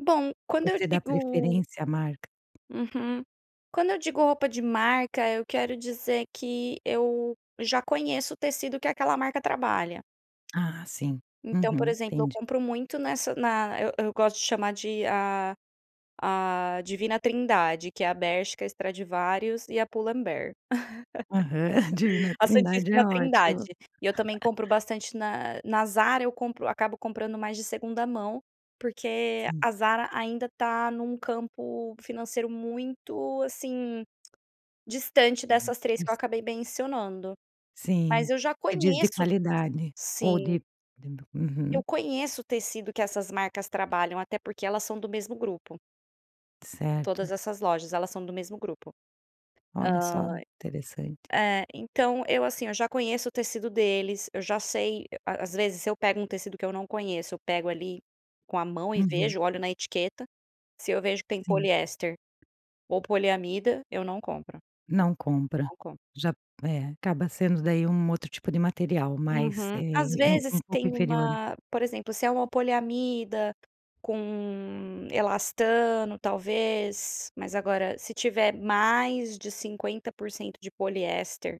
Bom, quando eu Você dá digo preferência à marca? Uhum. Quando eu digo roupa de marca, eu quero dizer que eu já conheço o tecido que aquela marca trabalha. Ah, sim. Então, por Uhum, exemplo, eu entendi. compro muito nessa na eu eu gosto de chamar de a a Divina Trindade que é a Bershka, Stradivarius e a Pull and Bear. Aham. Divina A Trindade Santíssima é Trindade ótima. e eu também compro bastante na na Zara, eu compro acabo comprando mais de segunda mão, porque Sim. a Zara ainda tá num campo financeiro muito, assim, distante Uhum dessas 3 que eu is acabei mencionando Sim. mas eu já Você diz de conheço qualidade ou Sim. de de bo Uhum. Eu conheço o tecido que essas marcas trabalham até porque elas são do mesmo grupo. Todas Certo. essas lojas, elas são do mesmo grupo. Olha Hã, só, interessante. eh, então, eu, assim, eu já conheço o tecido deles, eu já sei a às vezes, se eu pego um tecido que eu não conheço, eu pego, ali, com a mão e Uhum. vejo, olho na etiqueta, se eu vejo que tem Sim. poliéster ou poliamida, eu não compro, Não compra, não compro. já É, acaba sendo, daí, um outro tipo de material mais eh, Uhum. Às ele é u vezes um pouco tem inferior, né? uma por exemplo, se é uma poliamida com elastano, talvez, mas agora se tiver mais de 50% de poliéster